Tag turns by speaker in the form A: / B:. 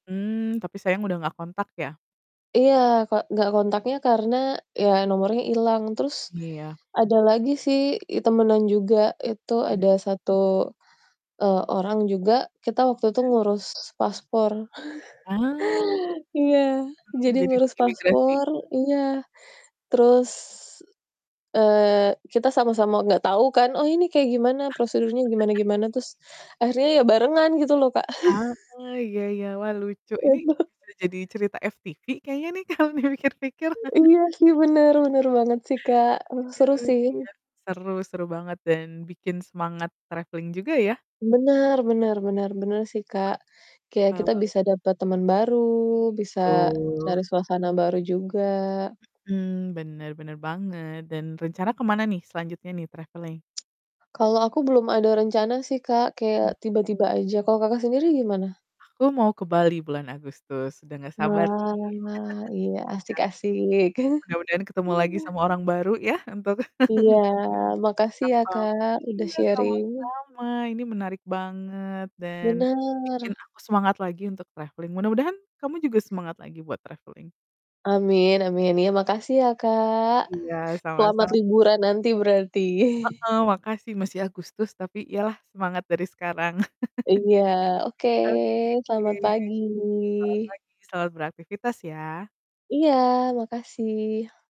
A: Mmm. tapi sayang udah nggak kontak ya.
B: Iya, Kak, nggak kontaknya karena ya nomornya hilang. Terus
A: Iya.
B: ada lagi sih i temenan juga, itu ada
A: Mhm.
B: 1, eee, orang juga, kita waktu itu
A: Mhm.
B: ngurus paspor,
A: Ah. Hmm,
B: iya, jadi
A: jadi di
B: ngurus
A: imigrasi.
B: paspor iya, terus, eee, kita sama-sama nggak tahu kan, "Oh, ini kayak gimana prosedurnya, gimana gimana." Terus, akhirnya ya barengan gitu loh, Kak.
A: Ah, iya iya, wah, lucu ini
B: Heeh.
A: bisa jadi cerita FTV kayaknya nih kalau dipikir-pikir.
B: Iya sih, bener bener banget sih, Kak, eh,
A: Ya
B: seru
A: lucu,
B: sih.
A: iya, seru seru banget dan bikin semangat traveling juga ya.
B: Bener bener bener bener sih, Kak, kayak
A: Eee.
B: kita bisa dapet temen baru, bisa
A: Betul.
B: cari suasana baru juga.
A: Mhm, bener bener banget dan rencana kemana nih selanjutnya nih, traveling?
B: Kalau aku belum ada rencana sih, Kak, kayak
A: Mhm.
B: tiba-tiba aja. Kalau Kakak sendiri gimana?
A: Aku mau ke Bali bulan Agustus, udah nggak sabar nih,
B: Wah, iya, asik-asik.
A: iya, mudah-mudahan ketemu lagi sama orang baru ya, untuk
B: Iya.
A: [unintelligible]
B: Makasih, ya,
A: atau,
B: Kak, udah
A: iya,
B: sharing.
A: sama-sama, ini menarik banget dan bikin
B: Bener.
A: aku semangat lagi untuk traveling mudah-mudahan kamu juga semangat lagi buat traveling.
B: Amin amin, ya, makasih ya, Kak.
A: Iya, sama
B: Selamat
A: sam
B: liburan nanti, berarti.
A: Heeh, makasih masih Agustus, tapi, iyalah semangat dari sekarang.
B: Iya, oke,
A: Oke.
B: selamat pagi.
A: Selamat pagi, selamat beraktifitas ya!
B: Iya, makasih.